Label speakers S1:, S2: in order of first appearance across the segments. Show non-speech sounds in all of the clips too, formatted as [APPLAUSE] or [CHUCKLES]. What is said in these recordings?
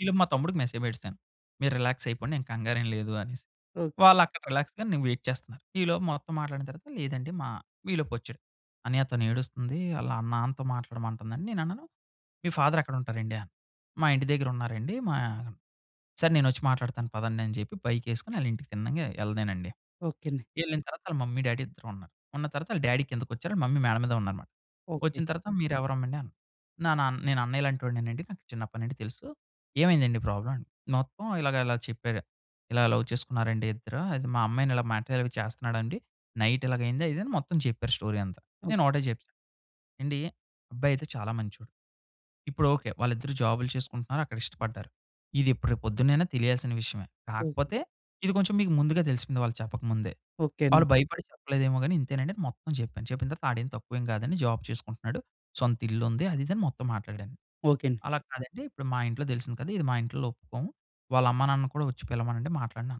S1: ఈలోపు మా తమ్ముడికి మెసేజ్ బెట్టేసాను. మీరు రిలాక్స్ అయిపోండి ఎం కంగారేం లేదు అనేసి.
S2: ఓకే.
S1: వాళ్ళక్కడ రిలాక్స్‌గా నేను వెయిట్ చేస్తున్నారు. ఈలోపు మొత్తం మాట్లాడిన తర్వాత లేదండి మా ఈలోపొచ్చాడు. "అన్నయ్య తనెడుస్తుంది ఆళ్ళ నాన్నతో మాట్లాడమంటుందని" నేను అన్నాను మీ ఫాదర్ ఎక్కడుంటారండీ? అను. మా ఇంటి దగ్గర ఉన్నారండి మా సరే నేనొచ్చి మాట్లాడతాను పదండని చెప్పి బైక్ ఏసుకొని అళ్ళింటికి తిన్నంగా ఎళ్ళలేనండి.
S2: ఓకే అండి.
S1: ఎళ్ళిన తరువాత వాళ్ళ మమ్మీ డ్యాడీ ఇద్దరు ఉన్నారు ఉన్న తరువాత వాళ్ళ డ్యాడీ కిందికొచ్చారు వాళ్ళ మమ్మీ మేడ మీదున్నారన్నమాట.
S2: ఓకే.
S1: ఒచ్చిన తరువాత మీరెవరమ్మా అండి అన్నారు నా నేను అన్నయ్య లాంటి ఒడినె అండి నాకు చిన్నప్పటినుండి తెలుసు. ఏమైందండి ప్రాబ్లమ్? మొత్తం ఇలాగ ఇలా చెప్పారు. ఇలా లవ్ చేసుకున్నారండి ఇద్దరు అది మా అమ్మాయిని ఇలా మ్యాటర్ అవి చేస్తున్నాడండి. నైట్ ఇలాగయింది అది ఇది అని మొత్తం చెప్పారు స్టోరీ అంతా.
S2: ఓహ్!
S1: నేనొకటే చెప్పా ఏండీ అబ్బాయి అయితే చాలా మంచోడు. ఇపుడొకే వాళ్ళిద్దరూ జాబులు చేసుకుంటున్నారు. అక్కడ ఇష్టపడ్డారు. ఇదెప్పుడు రేపు పొద్దునైనా తెలియాల్సిన విషయమే.
S2: ఓహ్!
S1: కాకపోతే ఇది కొంచెం మీకు ముందుగా దెలిసిపోయింది వాళ్ళు చెప్పకముందే.
S2: ఓకే. అండి.
S1: వాళ్ళు భయపడి చెప్పలేదేమో గాని ఇంతేనండి మొత్తం జెప్పాను. చెప్పిన తరువాత ఆడేం తక్కువేమి గాదని జాబ్ చేసుకుంటున్నాడు. సొంత ఇల్లు ఉంది. అది ఇది అని మొత్తం మాట్లాడాను.
S2: ఓకే. అండి.
S1: అలా కాదండి ఇప్పుడు మా ఇంట్లో దెలిసింది కదా! ఇది మా ఇంట్లో ఒప్పుకోము వాళ్ళమ్మ నాన్న కూడా ఒచ్చి పిలవమనండి మాట్లాడిన.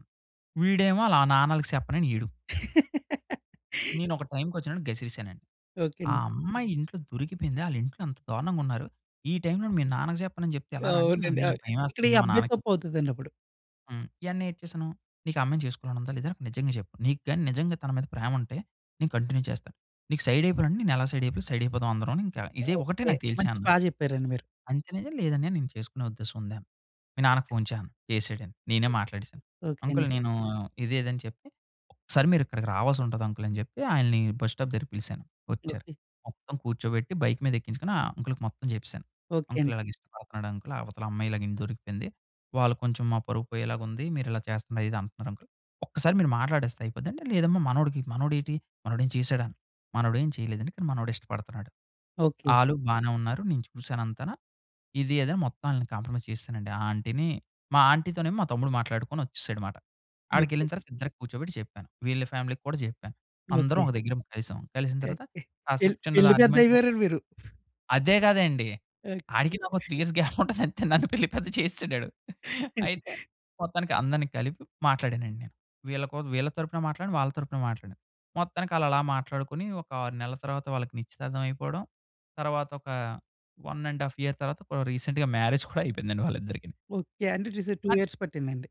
S1: వీడేమో వాళ్ళ నాన్నకి సెప్పనని ఈడూ.
S2: [GIGGLES]
S1: నేనొక టైమ్‌కోచ్చిన్నపుడు గసిరెసానండి.
S2: ఓకే.
S1: ఆ
S2: అండి.
S1: అమ్మాయి ఇంట్లో దొరికిపోయింది ఆలింట్లో అంత దారుణంగున్నారు. ఈ టైమ్‌లోని మీ నాన్నకి జెప్పను అని జెప్తే ఎలా రా అంటే
S2: అవునండి.
S1: "అన్నయ్య
S2: ఆహ్,
S1: నాకు
S2: ఇక్కడ ఈ
S1: భయమేస్తుంది మా
S2: అబ్బాయి
S1: నాన్నకి చెప్"
S2: తప్పు అవుతదండి అప్పుడు.
S1: హ్మ్. ఎంటనే ఏటి చేసాను, నీకు ఆ అమ్మాయిని జేసుకోవాలని ఉందా లేదా? నిజంగా చెప్పు నీకు గాని నిజంగా తన మీద ప్రేమ ఉంటే నేను కంటిన్యూ చేస్తాను. నీకు సైడ్ అయిపోయినండి నేను ఎలా సైడ్ అయిపోయా సైడ్ అయిపోదాం అందరం అని ఇంకా ఇదే ఒకటే
S2: ఓకే.
S1: నాకు
S2: మంచి బా
S1: తెలిచేన్నాను.
S2: జెప్పారండి మీరు.
S1: అంతే "లేదన్నయ్య నేను చేసుకునే ఉద్దేశం ఉంది" అను. మీ నాన్నకు
S2: ఓకే.
S1: ఫోన్ చేయి అను. చేసాడు అని నేనే మాట్లాడేసాను.
S2: ఓకే.
S1: అంకుల్
S2: అండి.
S1: నేను ఇదే ఇది అని చెప్పి. ఒకసారి మీరు ఇక్కడికి రావాలసుంటది అంకల్ అని జెప్పి ఆయనని బస్ స్టాప్ దగ్గరికి పిలిసాను. ఒచ్చారు.
S2: ఓకే.
S1: మొత్తం కూర్చోబెట్టి బైక్ మీద ఎక్కించుకొని ఆ అంకల్‌కి మొత్తం జెప్పేసాను.
S2: ఓకే.
S1: అంకల్
S2: అండి.
S1: ఇలాగ ఇష్టపడుతున్నాడు అంకల్ అవతల అమ్మాయి ఇలాగ ఇంట్లో దొరికిపోయింది వాళ్ళు కొంచెం మా పరువు పోయేలాగా ఉంది. మీరిలా చేస్తున్నారు ఇది అంటున్నారు అంకల్. ఒక్కసారి మీరు మాట్లాడేస్తే అయిపోద్ది అంటే "లేదమ్మా మనోడికి మనోడేటి? మనోడు ఏమైన చేసాడా?" మనోడు ఏం చేయలేదండి కానీ మనోడు ఇష్టపడుతున్నాడు.
S2: ఓకే.
S1: ఆలు బానే ఉన్నారు. నేను చూసానంతన ఇది అది అని మొత్తం ఆళ్ళని కాంప్రమైజ్ చేసేసానండి. ఆ ఆంటీ‌ని, మా ఆంటీ తోనేమో మా తమ్ముడు మాట్లాడుకొని ఒచ్చేసాడు అన్నమాట. ఆడికి
S2: ఓకే.
S1: ఎళ్ళిన తరువాత ఇద్దరిని కూర్చోబెట్టి జెప్పాను వీళ్ళ ఫ్యామిలీ‌కి కూడా జెప్పాను. అందరం
S2: ఓకే.
S1: ఒక దగ్గర కలిసాం. కలిసిన
S2: ఓకే.
S1: తరువాత
S2: పెళ్
S1: కాసేపు చిన్నది
S2: పెళ్లి పెద్ద
S1: ఆర్గ్యుమెంట్ లాగా
S2: అయిపోయారండి మీరు.
S1: అదే గదండి.
S2: ఓకే.
S1: ఆడికి నాకు 3 ఇయర్స్ గ్యాప్ ఉంటది అంతే నన్ను పెళ్లి పెద్ద చేసేసాడడు. అయితే
S2: [CHUCKLES]
S1: మొత్తానికి అందరిని కలిపి మాట్లాడానండి నేను. వీళ్ళ కోసం వీళ్ళ తరపున మాట్లాడిను. వాళ్ళ తరపున మాట్లాడాను. మొత్తానికి ఆళ్ళలా మాట్లాడుకొని ఒక 6 నెలల తర్వాత వాళ్ళకి నిశ్చితార్థం అయిపోవడం, తర్వాత ఒక 1 ½ ఇయర్ తర్వాత కొ రీసెంట్‌గా మ్యారేజ్ [CHUCKLES] కూడా అయిపోయిందండి వాళ్ళిద్దరికీ.
S2: ఓకే. అంటే ఈసారి 2
S1: అన్
S2: ఇయర్స్ పట్టిందండి.